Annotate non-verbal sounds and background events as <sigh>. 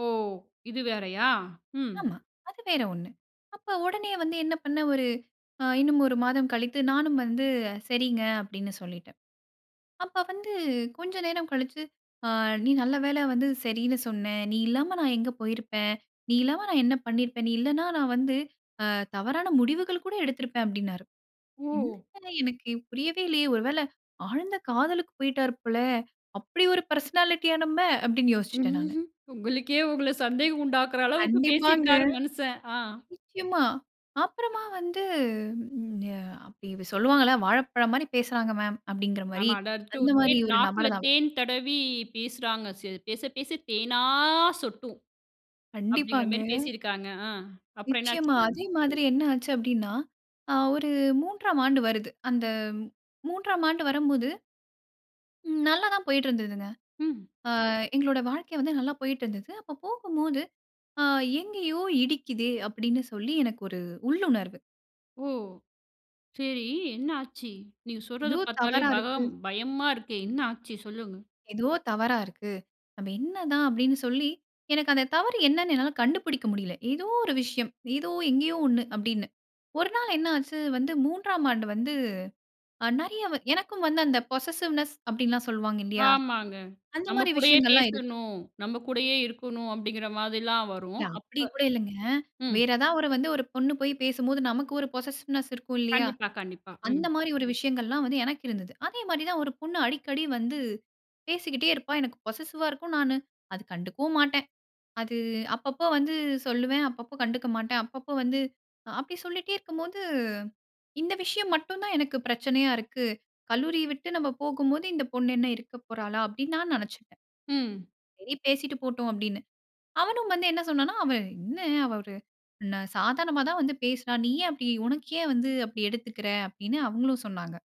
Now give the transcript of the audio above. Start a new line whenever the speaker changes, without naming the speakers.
ஓ! இது வேறையா? ம்.
ஆமா. அது வேற ஒண்ணு. அப்போ உடனே வந்து என்ன பண்ணேன்? ஒரு அ இன்னும் ஒரு மாதம் கழித்து, நானும் வந்து சரிங்க. அப்படின்னு சொல்லிட்டேன். அப்ப வந்து கொஞ்சம் நேரம் கழிச்சு, அ "நீ நல்ல வேள வந்து சரின்னு சொன்னேன். நீ இல்லாம நான் எங்க போயிருப்பேன்? நீ இல்லாம நான் என்ன பண்ணியிருப்பேன்? நீ இல்லன்னா, நான் வந்து அ தவறான முடிவுகள் கூட எடுத்திருப்பேன்" அப்படின்னாரு.
ஓ!
"என்ன எனக்கு புரியவே இல்லையே, ஒரு வேள ஆழ்ந்த காதலுக்கு போய்ட்டாரு போல. அப்படி ஒரு பெர்சனாலிட்டியா நம்ம!" அப்படின்னு யோசிச்சுட்டேன் நானு.
<chuckles> உங்களுக்கே உங்கள சந்தேகம் உண்டாக்குற அளவுக்கு
கண்டிப்பாங்க.
பேசிருக்காரு, மனுசன். ஆ.
நிச்சயமா, அப்புறமா வந்து அ அப்ப இவ சொல்லுவாங்கல்ல வாழைப்பழம் மாரி பேசுறாங்க மேம். அப்படிங்கிற மாரி,
ஆமா. அடார்ச்சும்
அந்த மாரி
தேன்,
ஒரு
நாக்குல
நபர் தான் அவரு.
தேன் தடவி பேசுறாங்க சில பேச பேச தேனா சொட்டும். அப்டிங்கிற
கண்டிப்பாங்க.
மாரி பேசியிருக்காங்க. ஆ, அப்புறம் என்ன
நிச்சயமா.
ஆச்சுங்க?
அதே மாதிரி என்ன ஆச்சு அப்படின்னா, அ ஒரு 3ஆம் ஆண்டு வருது. அந்த 3ஆம் ஆண்டு வரும்போது ம். நல்லா தான் போய்ட்டு இருந்ததுங்க.
ம்.
அ எங்களோட வாழ்க்கை வந்து நல்லா போய்ட்டு இருந்தது. அப்ப போகும்போது, அ எங்கேயோ இடிக்குதே! அப்படின்னு சொல்லி எனக்கு ஒரு உள்ளுணர்வு.
ஓ! சரி என்ன ஆச்சு? நீங்க சொல்றத
எதோ
பார்த்தாலே
தவறா இருக்கு.
பகம் பயமா இருக்கே! என்ன ஆச்சு? சொல்லுங்க.
ஏதோ தவறா இருக்கு. அது என்ன தான்? அப்படின்னு சொல்லி எனக்கு அந்த தவறு என்னன்னு என்னால கண்டுபிடிக்க முடில. ஏதோ ஒரு விஷயம். ஏதோ எங்கயோ ஒண்ணு, அப்படின்னு. ஒரு நாள் என்ன ஆச்சு? வந்த 3ஆம் ஆண்டு வந்து ஆ நெறைய, எனக்கும் வந்து அந்த பொசஸிவ்னெஸ் அப்டின்ல்லாம் சொல்லுவாங்க இல்லையா?
ஆமாங்க.
அந்த
நம்ம
மாரி
கூடயே
விஷயங்கள்லாம் இருக்கு.
பேசணும். நம்ம கூடயே இருக்கணும். அப்படிங்கிற மாதிரிலாம் வரும்.
இல்ல
அப்ப
அப்படி கூட இல்லைங்க.
ம்.
வேற ஏதாவது ஒரு வந்து ஒரு பொண்ணு போய் பேசும்போது நமக்கு ஒரு பொசஸிவ்னெஸ் இருக்கும் இல்லையா?
கண்டிப்பா. கண்டிப்பா. ம்.
அந்த மாதிரி ஒரு விஷயங்கள்லாம் வந்து எனக்கு இருந்தது. அதே மாதிரி தான் ஒரு பொண்ணு அடிக்கடி வந்து பேசிக்கிட்டே இருப்பா. எனக்கு பொசஸிவா இருக்கும். நானு அத கண்டுக்கவும் மாட்டேன். அது அப்பப்போ வந்து சொல்லுவேன். அப்பப்போ கண்டுக்க மாட்டேன். அப்பப்போ வந்து அப்படி சொல்லிட்டே இருக்கும்போது, இந்த விஷயம் மட்டும் தான் எனக்கு பிரச்சனையா இருக்கு. கல்லூரிய விட்டு நம்ம போகும்போது இந்த பொண்ணு என்ன இருக்க போறாளா? அப்படின்னு நான் நினைச்சுட்டேன்.
ம்.
சரி பேசீட்டு போட்டும், அப்படின்னு. அவனும் வந்து என்ன சொன்னான்னா, "அவன் என்ன ஒரு சாதாரணமா தான் வந்து பேசுறா. நீ ஏன் அப்டி? உனக்கு ஏன் வந்து அப்டி எடுத்துக்கற?" அப்படின்னு அவங்களும் சொன்னாங்க.